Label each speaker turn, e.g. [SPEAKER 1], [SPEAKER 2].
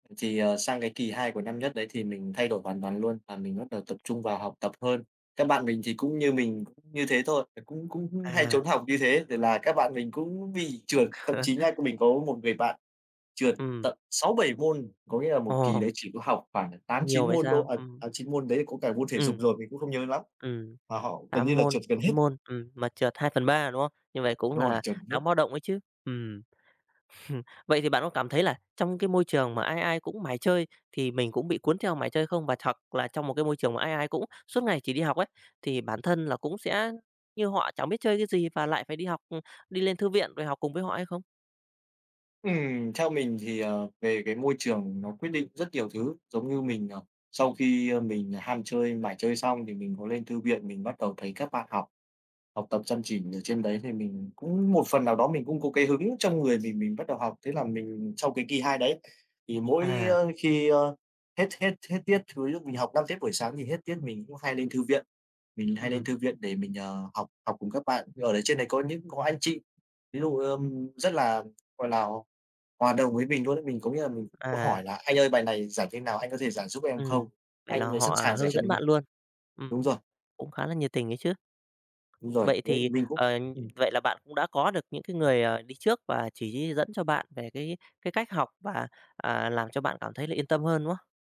[SPEAKER 1] Thì, ờ, sang cái kỳ 2 của năm nhất đấy thì mình thay đổi hoàn toàn luôn, và mình bắt đầu tập trung vào học tập hơn. Các bạn mình thì cũng như mình cũng như thế thôi, là cũng cũng hay
[SPEAKER 2] À.
[SPEAKER 1] trốn học như thế thì là các bạn mình cũng bị trượt. Thậm chí nhá, mình có một người bạn trượt
[SPEAKER 2] Ừm.
[SPEAKER 1] tận 6-7 môn. Có nghĩa là một kỳ
[SPEAKER 2] Ồ.
[SPEAKER 1] đấy chỉ có học khoảng tám,
[SPEAKER 2] Nhiều
[SPEAKER 1] chín
[SPEAKER 2] vậy
[SPEAKER 1] môn thôi
[SPEAKER 2] sao?
[SPEAKER 1] à,
[SPEAKER 2] Ừm.
[SPEAKER 1] à 9 môn đấy thì có cả môn thể dục
[SPEAKER 2] Ừm,
[SPEAKER 1] rồi, mình cũng không nhớ lắm.
[SPEAKER 2] ừm,
[SPEAKER 1] Mà họ gần như
[SPEAKER 2] 8
[SPEAKER 1] là
[SPEAKER 2] môn,
[SPEAKER 1] trượt gần
[SPEAKER 2] 9
[SPEAKER 1] hết.
[SPEAKER 2] môn, ừm, mà trượt 2/3, đúng không? Như vậy cũng
[SPEAKER 1] Đúng rồi,
[SPEAKER 2] là
[SPEAKER 1] chẩm nhất.
[SPEAKER 2] đáng báo động ấy chứ, ừm, vậy thì bạn có cảm thấy là trong cái môi trường mà ai ai cũng mải chơi thì mình cũng bị cuốn theo mải chơi không? Và hoặc là trong một cái môi trường mà ai ai cũng suốt ngày chỉ đi học ấy, thì bản thân là cũng sẽ như họ chẳng biết chơi cái gì, và lại phải đi học, ừm, đi lên thư viện rồi học cùng với họ hay không?
[SPEAKER 1] Ừm. Theo mình thì, ờ, về cái môi trường nó quyết định rất nhiều thứ. Giống như mình, ờ, sau khi, a, mình ham chơi, mải chơi xong thì mình có lên thư viện mình bắt đầu thấy các bạn học, học tập chăm chỉ ở trên đấy thì mình cũng một phần nào đó, mình cũng có cái hứng trong người mình, mình bắt đầu học. Thế là mình trong cái kỳ hai đấy thì mỗi á,
[SPEAKER 2] À.
[SPEAKER 1] khi, a, hết hết hết tiết thì lúc mình học 5 tiết buổi sáng, mình hết tiết mình cũng hay lên thư viện. Mình hay lên
[SPEAKER 2] Ừm.
[SPEAKER 1] thư viện để mình, ờ, học học cùng các bạn, thì ở đấy trên đấy có những có anh chị. Ví dụ, ờm, rất là, gọi là, hoà hòa đồng với mình luôn ấy, mình có nghĩa là mình cũng
[SPEAKER 2] À.
[SPEAKER 1] hỏi là "Anh ơi bài này giải thế nào? Anh có thể giải giúp em không?"
[SPEAKER 2] Ừm, vậy
[SPEAKER 1] Anh
[SPEAKER 2] là
[SPEAKER 1] ấy sẵn
[SPEAKER 2] họ, à,
[SPEAKER 1] sàng giải
[SPEAKER 2] hướng
[SPEAKER 1] cho
[SPEAKER 2] dẫn
[SPEAKER 1] mình luôn.
[SPEAKER 2] bạn luôn. Ừm,
[SPEAKER 1] Đúng rồi.
[SPEAKER 2] cũng khá là nhiệt tình ấy chứ.
[SPEAKER 1] Đúng rồi,
[SPEAKER 2] Vậy
[SPEAKER 1] với
[SPEAKER 2] thì,
[SPEAKER 1] mình cũng
[SPEAKER 2] ờ,
[SPEAKER 1] ừm.
[SPEAKER 2] vậy là bạn cũng đã có được những cái người, à, đi trước và chỉ dẫn cho bạn về cái cái cách học và, à, làm cho bạn cảm thấy là yên tâm hơn, đúng không?